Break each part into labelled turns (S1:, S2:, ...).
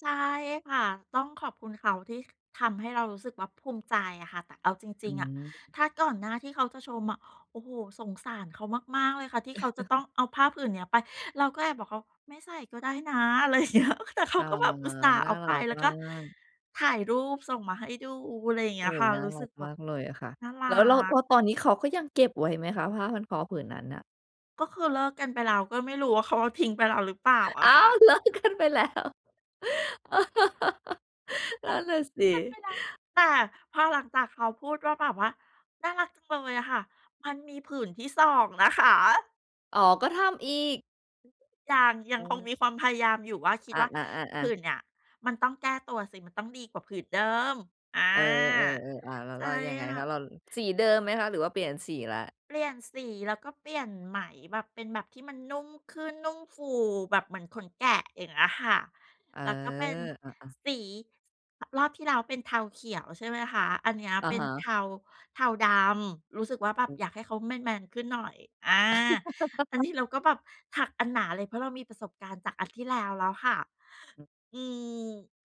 S1: ใช่ค่ะ ต้องขอบคุณเขาที่ ค ทำให้เรารู้สึกว่าภูมิใจอะค่ะ แต่เอาจ
S2: อ
S1: ร
S2: ื
S1: ิง ๆ อะ
S2: ม
S1: ถ้าก่อนหน้าที่เขาจะชมอะ โอ้โฮ สงสารเขามาก ๆ เลยค่ะที่เขาจะต้องเอาผ้าผื่นเนี้ยไป เราก็แอบบอกเขา "ไม่ใส่ก็ได้นะ" อะไรเงี้ย แต่เข
S2: อ
S1: า
S2: ๋อ
S1: ก็แบบอุตส่าห์
S2: น
S1: เอ
S2: ่า
S1: า
S2: ร
S1: ไป
S2: ัก
S1: แล้ว
S2: ม
S1: ก
S2: า
S1: ็
S2: ก
S1: ถ่ายรูปส่งมาให้ดู อะไรอย่างเ
S2: โ
S1: ง
S2: อ
S1: ี้
S2: ้
S1: ย
S2: โฮ
S1: ค่ะ
S2: น่า
S1: รู้
S2: รั
S1: สึ
S2: ก
S1: กแบ
S2: มา
S1: บ
S2: กเลยอะค่ะ
S1: น่ารั
S2: แล้ว แล้ว แล
S1: ก
S2: ้วตอนนี้เขาก็ยังเก็บไว้ไหมคะ ผ้าพันคอผืนนั้นน่ะ?
S1: ก็คือเลิกกันไปแล้ว ก็ไม่รู้ว่าเขาเอาทิ้งไปแล้วหรือเปล่าอ
S2: อ้
S1: ะค
S2: า
S1: ่
S2: ว
S1: ะ
S2: เลิกกันไปแล้ว น
S1: ป
S2: ั่น
S1: เป
S2: น่ะสิ
S1: ็นไปแล้ว แต่พอหลังจากเขาพูดว่า แบบว่า "น่ารักจังเลยอะค่ะ" มันมีผื่นที่ 2 นะคะ
S2: อ๋อ ก็ทำอีก
S1: ยัง ย
S2: อ
S1: ั
S2: ๋
S1: งคง
S2: อ
S1: มีความพยายามอยู่ว่า คิด
S2: อา
S1: ว่าผื
S2: ๆ
S1: ่
S2: ๆ ๆ
S1: นเนี่ยมันต้องแก้ตัวสิ มันต้องดีกว่าผืนเดิม อา
S2: เออ ๆ ๆ อ้าว แล้
S1: ใ
S2: ว
S1: ช
S2: เร
S1: ่
S2: ายังไง
S1: ค่
S2: คะ?
S1: ะ
S2: เรา สีเดิมไหมคะ หรือว่าเปลี่ยนสีแล้ว?
S1: เปลี่ยนสี แล้วก็เปลี่ยนไหม แบบเป็นแบบที่มันนุ่มขึ้น นุ่มฟูแบบเหมือนขนแกะ อย่างเงี้ยค่ะ
S2: เออ
S1: แล้วก็เป็น
S2: อา ๆ
S1: สี ส รอบที่แล้วเป็นเทาเขียว ใช่ไหมคะ อันเนี้ย
S2: อะ
S1: เป็
S2: ฮ
S1: นเท
S2: ะ
S1: า เทา-ดำ รู้สึกว่าแบ
S2: อ
S1: บ
S2: ื
S1: อ
S2: ม
S1: ยากให้เขาแมน ๆ ขึ้นหน่อย อา อันนี้เราก็แบบถักอันหนาเลย เพราะเรามีประสบการณ์จากอันที่แล้วแล้วค่ะ
S2: อืม
S1: อืม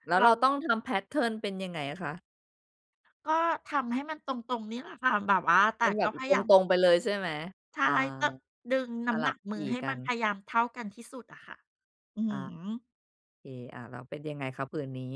S2: แล้ว
S1: เรา
S2: เราต้องทำ แพตเทิร์น เป็นยังไงอะคะ?
S1: ก็ทำให้มันตรง ๆ นี่แหละค่ะ แบบว่า แต
S2: เป็
S1: ่
S2: นแบ
S1: ก็
S2: บ อ
S1: พยายาม
S2: ตรง ๆ ไปเลย ใช่ไหม?
S1: ใช
S2: อา
S1: ่ ต ดึงน
S2: ส
S1: ้ำ
S2: ลั
S1: หน
S2: บ
S1: ักม
S2: ถ
S1: ื
S2: ี
S1: อ
S2: ่
S1: ให้
S2: กั
S1: มันพ
S2: น
S1: ยายามเท่ากันที่สุดอะค่ะ อือ
S2: อ
S1: ฮ
S2: า
S1: ึ
S2: โอเค อา แล้วเป็นยังไงคะผืนนี้?